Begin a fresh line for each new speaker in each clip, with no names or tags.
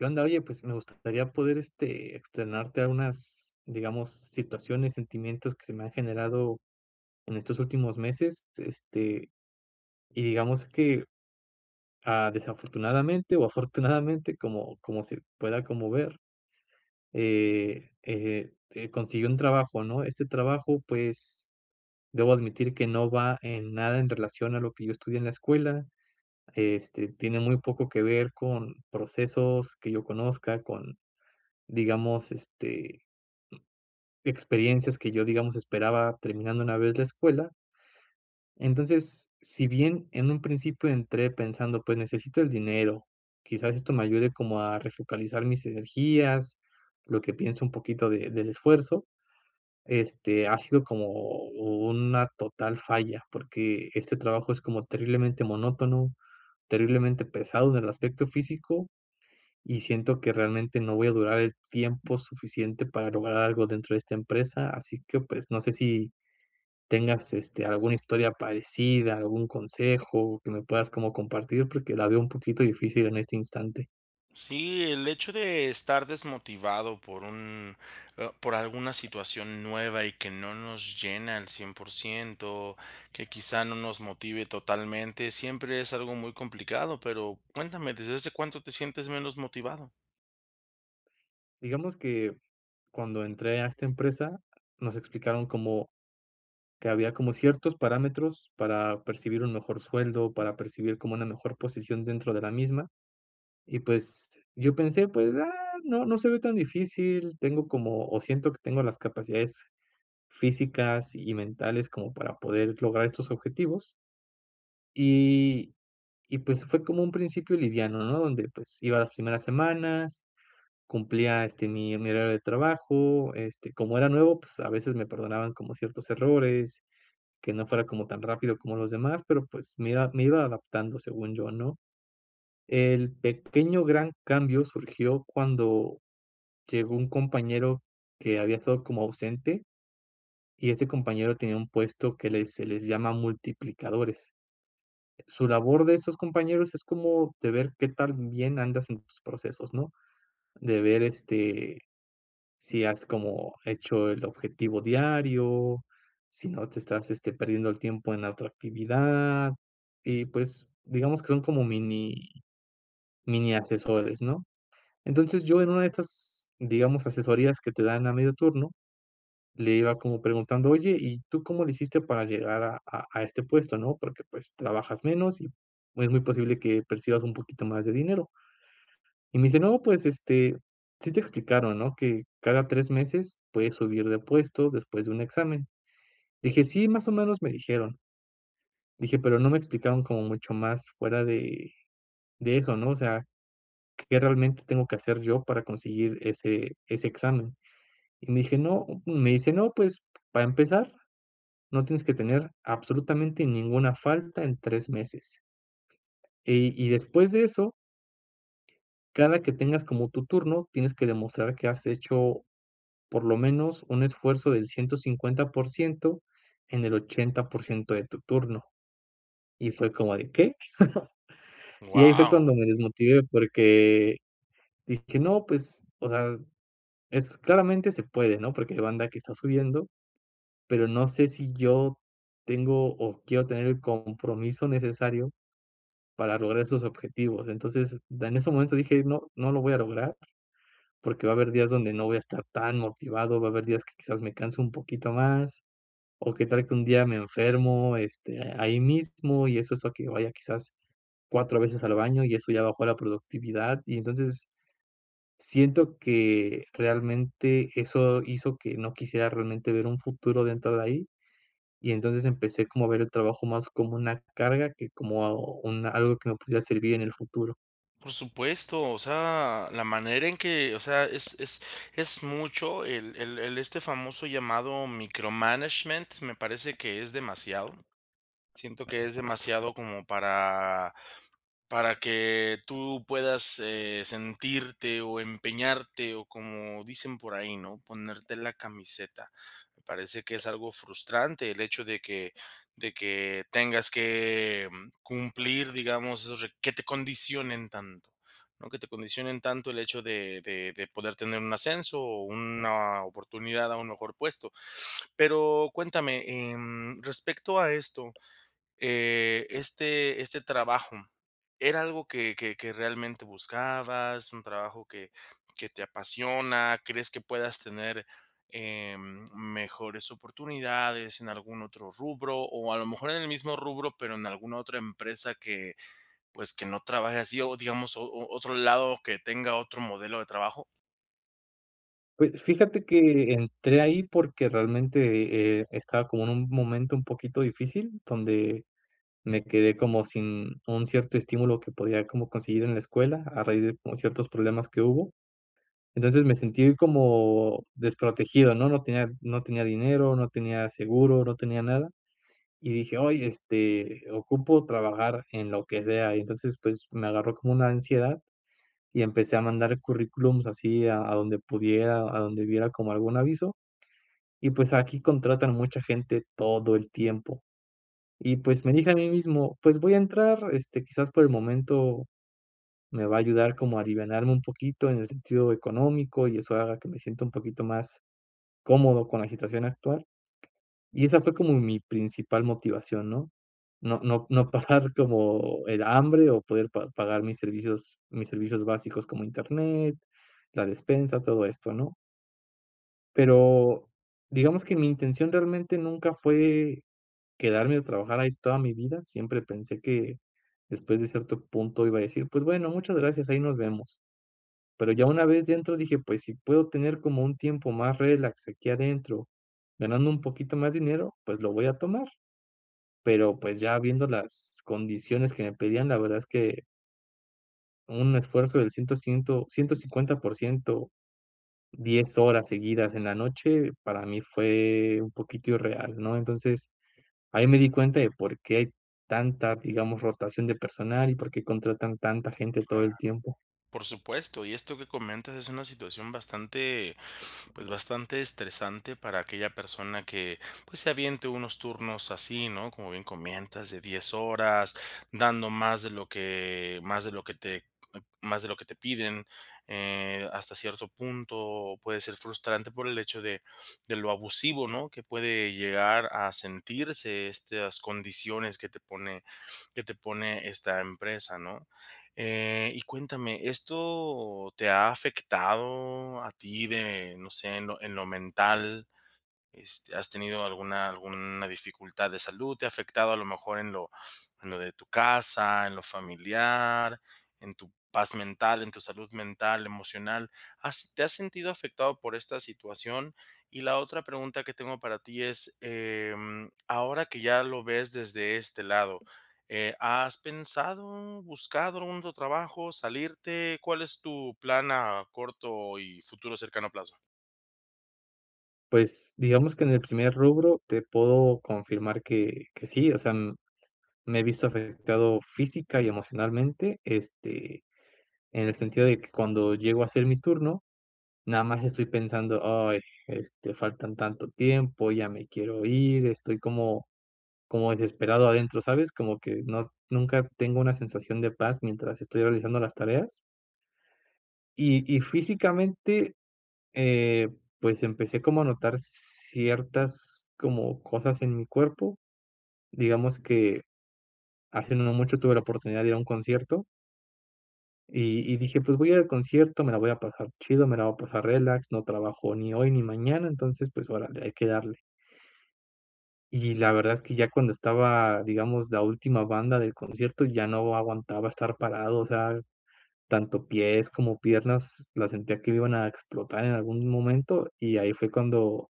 ¿Qué onda?, oye, pues me gustaría poder, este, externarte a unas, digamos situaciones, sentimientos que se me han generado en estos últimos meses, s este, y digamos que, ah, desafortunadamente o afortunadamente como como se pueda como ver, eh, eh, eh, conseguí un trabajo, ¿no?, este trabajo pues, debo admitir que no va en nada en relación a lo que yo estudié en la escuela, este, tiene muy poco que ver con procesos que yo conozca con, digamos, este experiencias que yo, digamos, esperaba terminando una vez la escuela. Entonces, si bien en un principio entré pensando: "Pues necesito el dinero, quizás esto me ayude como a refocalizar mis energías", lo que pienso un poquito de del esfuerzo, este, ha sido como una total falla, porque este trabajo es como terriblemente monótono, terriblemente pesado en el aspecto físico, y siento que realmente no voy a durar el tiempo suficiente para lograr algo dentro de esta empresa, así que, pues, no sé si, tengas, este, alguna historia parecida, algún consejo que me puedas como compartir porque la veo un poquito difícil en este instante.
Sí, el hecho de estar desmotivado por un ah, por alguna situación nueva y que no nos llena al 100%, que quizá no nos motive totalmente, siempre es algo muy complicado, pero cuéntame, ¿desde hace cuánto te sientes menos motivado?
Digamos que, cuando entré a esta empresa, nos explicaron como que había como ciertos parámetros para percibir un mejor sueldo, para percibir como una mejor posición dentro de la misma y, pues, yo pensé: “Pues, ah, no no se ve tan difícil, tengo como o siento que tengo las capacidades físicas y mentales como para poder lograr estos objetivos”. Y y, pues, fue como un principio liviano, ¿no?, donde, pues, iba las primeras semanas, cumplía, este, mi mi horario de trabajo, este, como era nuevo, pues, a veces me perdonaban como ciertos errores, que no fuera como tan rápido como los demás, pero, pues, me iba me iba adaptando, según yo, ¿no? El pequeño gran cambio surgió cuando llegó un compañero que había estado como ausente. Y este compañero tenía un puesto que les se les llama multiplicadores. Su labor de estos compañeros es como de ver qué tan bien andas en tus procesos, ¿no?, de ver, este, si has como hecho el objetivo diario, si no te estás, este, perdiendo el tiempo en la otra actividad, y, pues, digamos que son como mini-miniasesores, ¿no? Entonces yo en una de estas, digamos, asesorías que te dan a medio turno, le iba como preguntando: "Oye, ¿y tú cómo lo hiciste para llegar a a a este puesto, no? Porque, pues, trabajas menos y es muy posible que percibas un poquito más de dinero" y me dice: “No, pues, este, sí te explicaron, ¿no?, que cada 3 meses puedes subir de puesto después de un examen”. Dije: “Sí, más o menos me dijeron" dije: "Pero no me explicaron como mucho más fuera de de eso, ¿no? O sea, que realmente tengo que hacer yo para conseguir ese ese examen", y me dije: "No" me dice: "No, pues, para empezar, no tienes que tener absolutamente ninguna falta en 3 meses". Y y después de eso, cada que tengas como tu turno, tienes que demostrar que has hecho, por lo menos, un esfuerzo del 150% en el 80% de tu turno. Y fue como de: “¿Qué?” Y ahí fue
¡Guau!
cuando me desmotivé, porque dije: “No, pues, o sea, es claramente, se puede, ¿no?, porque hay banda que está subiendo. Pero no sé si yo tengo o quiero tener el compromiso necesario para lograr esos objetivos”. Entonces, en ese momento dije: “No no lo voy a lograr, porque va a haber días donde no voy a estar tan motivado, va a haber días que, quizás, me canso un poquito más, o que tal que un día me enfermo, este, ahí mismo, y eso hace a que vaya quizás 4 veces al baño y eso ya bajó la productividad”. Y entonces, siento que, realmente, eso hizo que no quisiera, realmente, ver un futuro dentro de ahí. Y entonces, empecé como a ver el trabajo más como una carga, que como un algo que me pudiera servir en el futuro.
Por supuesto, o sea, la manera en que, o sea, es es es mucho el el el este famoso llamado, micromanagement, me parece que es demasiado. Siento que es demasiado, como para para que tú puedas, eh, sentirte o empeñarte, o como dicen por ahí, ¿no?, ponerte la camiseta. Me parece que es algo frustrante el hecho de que de que tengas que cumplir, digamos, esos re que te condicionen tanto, ¿no?, que te condicionen tanto el hecho de de de poder tener un ascenso o una oportunidad a un mejor puesto. Pero cuéntame, em, respecto a esto, eh, ¿este este trabajo era algo que que que realmente buscabas? ¿Un trabajo que que te apasiona? ¿Crees que puedas tener, em, mejores oportunidades en algún otro rubro o a lo mejor en el mismo rubro, pero en alguna otra empresa que, pues, que no trabaje así o, digamos, o o otro lado que tenga otro modelo de trabajo?
Pues, fíjate que entré ahí porque realmente, eh, estaba como en un momento un poquito difícil, donde me quedé como sin un cierto estímulo que podía como conseguir en la escuela, a raíz de como ciertos problemas que hubo, entonces, me sentí como desprotegido, ¿no?, no tenía no tenía dinero, no tenía seguro, no tenía nada, y dije: "Oye, este, ocupo trabajar en lo que sea", y entonces, pues, me agarró como una ansiedad, y empecé a mandar currículums, así a a donde pudiera, a donde viera como algún aviso, y pues, aquí contratan mucha gente todo el tiempo, y pues, me dije a mí mismo: "Pues voy a entrar, este, quizás por el momento me va a ayudar como a alivianarme un poquito en el sentido económico, y eso haga que me sienta un poquito más, cómodo con la situación actual", y esa fue como mi principal motivación, ¿no?, no no no pasar como el hambre o poder pa pagar mis servicios mis servicios básicos como Internet, la despensa, todo esto, ¿no? Pero, digamos que mi intención realmente nunca fue quedarme a trabajar ahí toda mi vida, siempre pensé que, después de cierto punto iba a decir: "Pues bueno, muchas gracias, ahí nos vemos", pero ya una vez dentro dije: "Pues si puedo tener como un tiempo más relax aquí adentro, ganando un poquito más dinero, pues lo voy a tomar", pero, pues ya viendo las condiciones que me pedían, la verdad es que un esfuerzo del ciento ciento 150%, 10 horas seguidas en la noche, para mí fue un poquito irreal, ¿no?, entonces ahí me di cuenta de por qué hay tanta, digamos, rotación de personal y por qué contratan tanta gente todo
Claro.
el tiempo.
Por supuesto, y esto que comentas es una situación bastante pues bastante estresante para aquella persona que, pues se aviente unos turnos así, ¿no?, como bien comentas, de 10 horas, dando más de lo que más de lo que te más de lo que te piden, eh, hasta cierto punto puede ser frustrante por el hecho de de lo abusivo, ¿no?, que puede llegar a sentirse estas condiciones que te pone que te pone esta empresa, ¿no?, eh, y cuéntame, ¿esto te ha afectado a ti de, no sé, en lo en lo mental?, este, ¿has tenido alguna alguna dificultad de salud?, ¿te ha afectado a lo mejor en lo en lo de tu casa, en lo familiar, en tu paz mental, en tu salud mental, emocional?, ¿has te has sentido afectado por esta situación?, y la otra pregunta que tengo para ti es, eh, mm, ahora que ya lo ves desde este lado, eh, ¿has pensado, buscado un otro trabajo, salirte?, ¿cuál es tu plan a corto y futuro cercano plazo?
Pues, digamos que en el primer rubro te puedo confirmar que que sí, o sea, me he visto afectado física y emocionalmente, este, en el sentido de que cuando llego a hacer mi turno, nada más estoy pensando: "Ay, este, faltan tanto tiempo, ya me quiero ir", estoy como como desesperado adentro, ¿sabes?, como que no nunca tengo una sensación de paz, mientras estoy realizando las tareas. Y y físicamente, eh, pues empecé como a notar ciertas, como cosas en mi cuerpo, digamos que, hace no mucho tuve la oportunidad de ir a un concierto y y dije: "Pues voy al concierto, me la voy a pasar chido, me la voy a pasar relax, no trabajo ni hoy ni mañana, entonces, pues órale, hay que darle". Y la verdad es que ya cuando estaba, digamos, la última banda del concierto ya no aguantaba estar parado, o sea, tanto pies como piernas la sentía que me iban a explotar en algún momento, y ahí fue cuando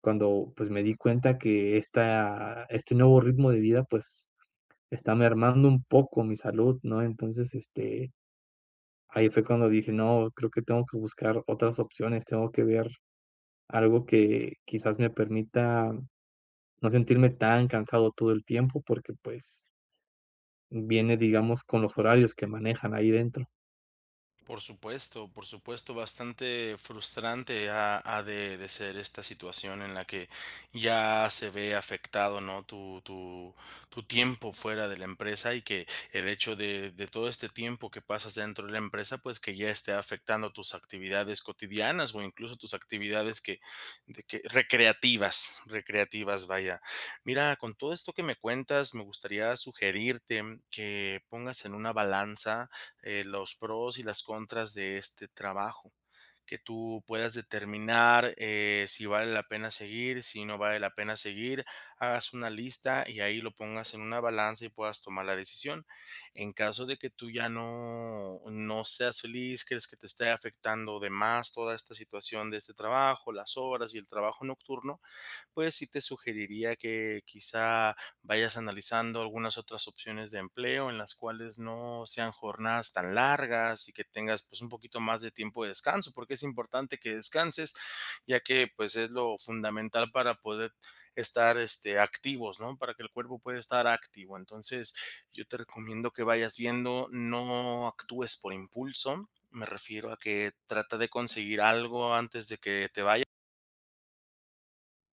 cuando pues, me di cuenta que esta este nuevo ritmo de vida pues, está mermando un poco mi salud, ¿no?, entonces, este, ahí fue cuando dije: "No, creo que tengo que buscar otras opciones, tengo que ver algo que, quizás me permita, no sentirme tan cansado todo el tiempo", porque, pues, viene, digamos, con los horarios que manejan ahí dentro.
Por supuesto, por supuesto, bastante frustrante, ha ha de de ser esta situación en la que ya se ve afectado, ¿no?, tu tu tu tiempo fuera de la empresa y que el hecho de de todo este tiempo que pasas dentro de la empresa, pues que ya esté afectando tus actividades cotidianas o incluso tus actividades que de que, recreativas recreativas, vaya. Mira, con todo esto que me cuentas, me gustaría sugerirte que pongas en una balanza, eh, los pros y las contras de este trabajo, que tú puedas determinar, eh, si vale la pena seguir, si no vale la pena seguir, hagas una lista y ahí lo pongas en una balanza y puedas tomar la decisión. En caso de que tú ya no no seas feliz, crees que te esté afectando de más toda esta situación de este trabajo, las horas y el trabajo nocturno, pues sí te sugeriría que quizá vayas analizando algunas otras opciones de empleo en las cuales no sean jornadas tan largas y que tengas, pues, un poquito más de tiempo de descanso, porque es importante que descanses, ya que, pues, es lo fundamental para poder estar, este, activos, ¿no?, para que el cuerpo pueda estar activo, entonces, yo te recomiendo que vayas viendo, no actúes por impulso, me refiero a que trata de conseguir algo antes de que te vaya.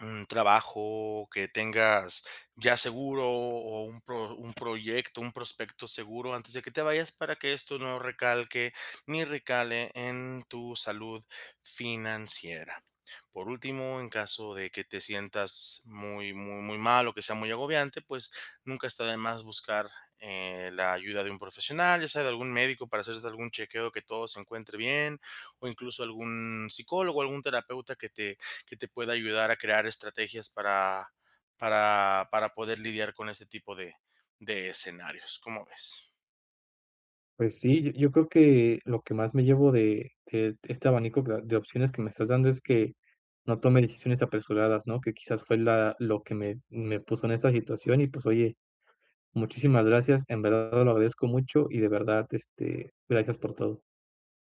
Un trabajo que tengas ya seguro o o un pro un proyecto, un prospecto seguro antes de que te vayas para que esto no recalque, ni recale en tu salud financiera. Por último, en caso de que te sientas muy muy muy mal o que sea muy agobiante, pues nunca está de más buscar, eh, la ayuda de un profesional, ya sea de algún médico para hacerte algún chequeo que todo se encuentre bien, o incluso algún psicólogo, algún terapeuta que te que te pueda ayudar a crear estrategias para para para poder lidiar con este tipo de de escenarios, ¿cómo ves?
Pues sí, yo yo creo que lo que más me llevo de de de este abanico de de opciones que me estás dando es que, no tome decisiones apresuradas, ¿no?, que quizás fue la lo que me me puso en esta situación. Y pues oye, muchísimas gracias, en verdad lo agradezco mucho, y de verdad, este, gracias por todo.